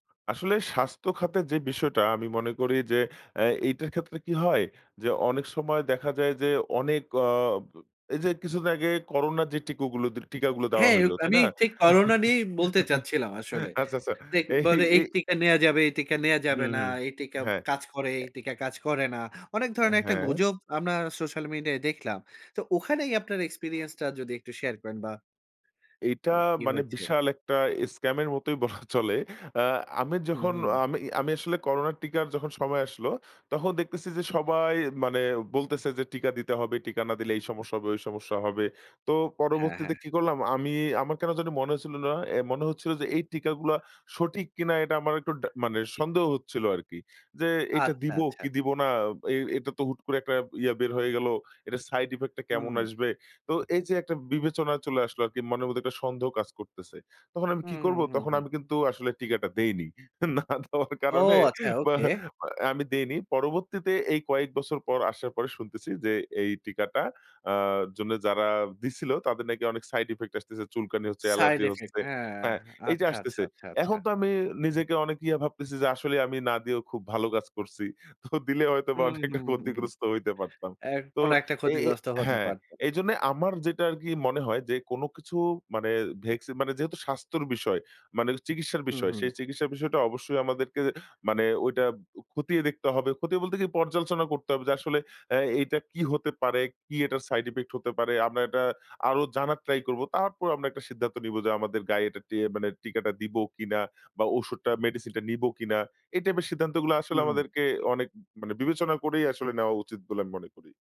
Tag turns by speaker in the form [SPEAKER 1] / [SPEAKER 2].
[SPEAKER 1] আসলে স্বাস্থ্যখাতের যে বিষয়টা আমি মনে করি যে আ এইটার ক্ষেত্রে কি হয়, যে অনেক সময় দেখা যায় যে অনেক অ এই যে কিছুদিন আগে করোনার যে টিকগুলো দিল টিকাগুলো দেওয়া
[SPEAKER 2] হ্যাঁ,
[SPEAKER 1] হইল।
[SPEAKER 2] উপ
[SPEAKER 1] তাই
[SPEAKER 2] আমি
[SPEAKER 1] না?
[SPEAKER 2] ঠিক করোনা নিয়েই বলতে চাচ্ছিলাম আসলে।
[SPEAKER 1] আচ্ছা, আচ্ছা।
[SPEAKER 2] মানে
[SPEAKER 1] এই,
[SPEAKER 2] বলে এই
[SPEAKER 1] এই
[SPEAKER 2] টিকা নেয়া যাবে, এই টিকা নেয়া
[SPEAKER 1] হুম,
[SPEAKER 2] যাবে না।
[SPEAKER 1] হুম।
[SPEAKER 2] এই টিকা
[SPEAKER 1] হ্যাঁ।
[SPEAKER 2] কাজ করে,
[SPEAKER 1] অ্যা
[SPEAKER 2] এই টিকা কাজ করে না। অনেক ধরনের একটা
[SPEAKER 1] হ্যাঁ।
[SPEAKER 2] গুজব আমরা সোশ্যাল মিডিয়ায় দেখলাম। তো ওখানেই আপনার এক্সপেরিয়েন্স টা যদি একটু শেয়ার করেন। বা
[SPEAKER 1] এইটা
[SPEAKER 2] কি
[SPEAKER 1] মানে
[SPEAKER 2] হয়েছে?
[SPEAKER 1] বিশাল একটা স্কাম এর মতোই বলা চলে। আ আমি
[SPEAKER 2] হুম,
[SPEAKER 1] যখন
[SPEAKER 2] হুম।
[SPEAKER 1] আমি আমি আসলে করোনার টিকার যখন সময় আসলো তখন দেখতেছি যে সবাই মানে বলতেছে যে, "টিকা দিতে হবে, টিকা না দিলে এই সমস্যা হবে, ঐ সমস্যা হবে।" তো
[SPEAKER 2] হ্যাঁ,
[SPEAKER 1] পরবর্তীতে
[SPEAKER 2] হ্যাঁ।
[SPEAKER 1] কি করলাম আমি আমার কেন জানি মনে হচ্ছিল না। মনে হচ্ছিল যে এই টিকাগুলা সঠিক কিনা এটা আমার একটু ডা মানে সন্দেহ হচ্ছিল আরকি। যে এটা
[SPEAKER 2] আচ্ছা,
[SPEAKER 1] দিব
[SPEAKER 2] আচ্ছা।
[SPEAKER 1] কি দিবো না। এ এটা তো হুট করে একটা ইয়া বের হয়ে গেল। এটার সাইড ইফেক্ট টা কেমন
[SPEAKER 2] হুম।
[SPEAKER 1] আসবে। তো এই যে একটা বিবেচনায় চলে আসলো আরকি মনের মধ্যে একটা সন্দেহ কাজ করতেছে। তখন আমি
[SPEAKER 2] হুম,
[SPEAKER 1] কি করব
[SPEAKER 2] হুম, হুম,
[SPEAKER 1] তখন
[SPEAKER 2] হুম।
[SPEAKER 1] আমি কিন্তু আসলে টিকাটা দেইনি। না দেওয়ার
[SPEAKER 2] ও
[SPEAKER 1] কারণে
[SPEAKER 2] আচ্ছা
[SPEAKER 1] মা
[SPEAKER 2] ওকে।
[SPEAKER 1] মানে আমি দেইনি। পরবর্তীতে এই কয়েক বছর পর আসার পরে শুনতেছি যে এই টিকাটা আ জন্য যারা দিছিল তাদের নাকি অনেক সাইড ইফেক্ট আসতেছে। চুলকানি হচ্ছে,
[SPEAKER 2] সাইড
[SPEAKER 1] অ্যালার্জি
[SPEAKER 2] ইফেক্ট
[SPEAKER 1] হচ্ছে।
[SPEAKER 2] হ্যাঁ,
[SPEAKER 1] হ্যাঁ এই যে
[SPEAKER 2] আচ্ছা, আচ্ছা,
[SPEAKER 1] আসতেছে।
[SPEAKER 2] আচ্ছা, আচ্ছা।
[SPEAKER 1] এখন তো আমি নিজেকে অনেক ইয়ে ভাবতেছি যে আসলে আমি না দিয়েও খুব ভালো কাজ করছি। তো দিলে হয়তোবা
[SPEAKER 2] হুম,
[SPEAKER 1] আমি একটা
[SPEAKER 2] হুম, হুম, হুম।
[SPEAKER 1] ক্ষতিগ্রস্ত হইতে পারতাম।
[SPEAKER 2] এ
[SPEAKER 1] তো
[SPEAKER 2] কোন একটা
[SPEAKER 1] এ এই
[SPEAKER 2] ক্ষতিগ্রস্ত হতে
[SPEAKER 1] হ্যাঁ।
[SPEAKER 2] পারত।
[SPEAKER 1] এইজন্যে আমার যেটা আরকি মনে হয় যে কোন কিছু মানে ভ্যাকসিন মানে যেহেতু স্বাস্থ্যর বিষয়, মানে চিকিৎসার
[SPEAKER 2] হুম,
[SPEAKER 1] বিষয়
[SPEAKER 2] হুম।
[SPEAKER 1] সেই চিকিৎসার বিষয়টা অবশ্যই আমাদেরকে মানে ঐটা খতিয়ে দেখতে হবে। খতিয়ে বলতে কি পর্যালোচনা করতে হবে যে আসলে অ্যাঁ এটা কী হতে পারে, কি এটার সাইড ইফেক্ট হতে পারে। আমরা এটা আরো জানার ট্রাই করব। তারপর আমরা একটা সিদ্ধান্ত নিব যে আমাদের গায়ে এটা টিয়ে ইয়ে মানে টিকাটা দিব কিনা বা ঔষুধটা মেডিসিন টা নিবো কিনা। এই টাইপের সিদ্ধান্তগুলো আসলে
[SPEAKER 2] হুম, হুম।
[SPEAKER 1] আমাদেরকে অনেক মানে বিবেচনা করেই আসলে নেওয়া উচিত বলে আমি মনে করি।